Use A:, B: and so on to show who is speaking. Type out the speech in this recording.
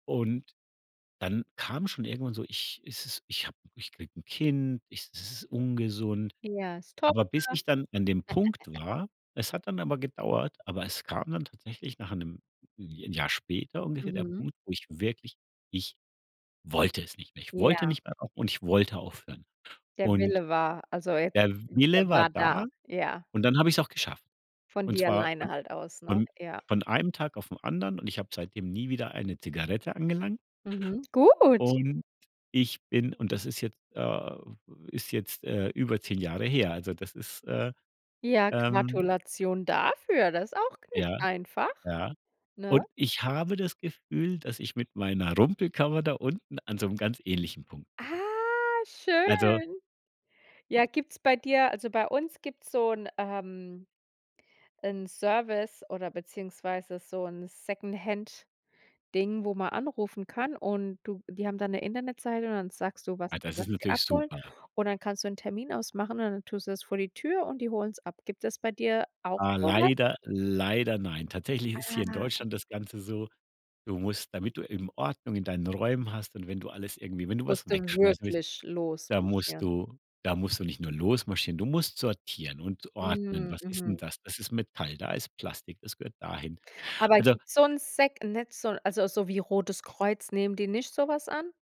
A: Und dann kam schon irgendwann so, ich es ist ich habe ich kriege 'n Kind, ich es ist ungesund.
B: Ja, ist toll.
A: Aber bis ich dann an dem Punkt war es hat dann aber gedauert, aber es kam dann tatsächlich nach 'nem Ja 'n Jahr später ungefähr der
B: Mhm.
A: Punkt, wo ich wirklich ich wollte es nicht mehr. Ich wollte
B: Ja.
A: nicht mehr au und ich wollte aufhören.
B: Der
A: Und
B: Wille war, also jetzt,
A: der
B: der
A: Wille war
B: war
A: da
B: da, ja.
A: und dann habe ich es auch geschafft.
B: Von
A: Und
B: dir
A: zwar von
B: alleine halt aus, ne?
A: von von
B: Ja.
A: von einem Tag auf 'n anderen und ich habe seitdem nie wieder eine Zigarette angelangt.
B: Mhm. Gut.
A: Und ich bin und das ist jetzt, äh ist jetzt, äh, über 10 Jahre her. Also, das ist, äh,
B: Ja,
A: ähm
B: Gratulation dafür. Das ist auch gar nicht
A: Ja,
B: einfach,
A: ja.
B: ne?
A: Und ich habe das Gefühl, dass ich mit meiner Rumpelkammer da unten an so 'nem ganz ähnlichen Punkt bin.
B: Ah,
A: Also
B: schön. Ja, gibt's bei dir also, bei uns gibt's so 'n, ähm 'nen Service oder beziehungsweise so 'n Secondhand-Ding, wo man anrufen kann und du die haben dann 'ne Internetseite und dann sagst du, was
A: Ah, das
B: was
A: ist
B: die
A: natürlich
B: abholen.
A: super.
B: Und dann kannst du 'nen Termin ausmachen und dann tust du das vor die Tür und die holen's ab. Gibt es bei dir auch
A: Ah,
B: so was?
A: leider leider nein. Tatsächlich ist hier in
B: Ah.
A: Deutschland das Ganze so, du musst, damit du eben Ordnung in deinen Räumen hast und wenn du alles irgendwie wenn du was
B: Musst du
A: wegschmeißen willst,
B: wirklich
A: da musst
B: losmarschieren.
A: du da musst du nicht nur losmarschieren. Du musst sortieren und ordnen.
B: Mhm,
A: Was ist denn
B: mhm.
A: das? Das ist Metall, da ist Plastik, das gehört dahin.
B: Aber,
A: Also
B: gibt's so 'n Sec nicht so, also so wie Rotes Kreuz, nehmen die nicht so was an?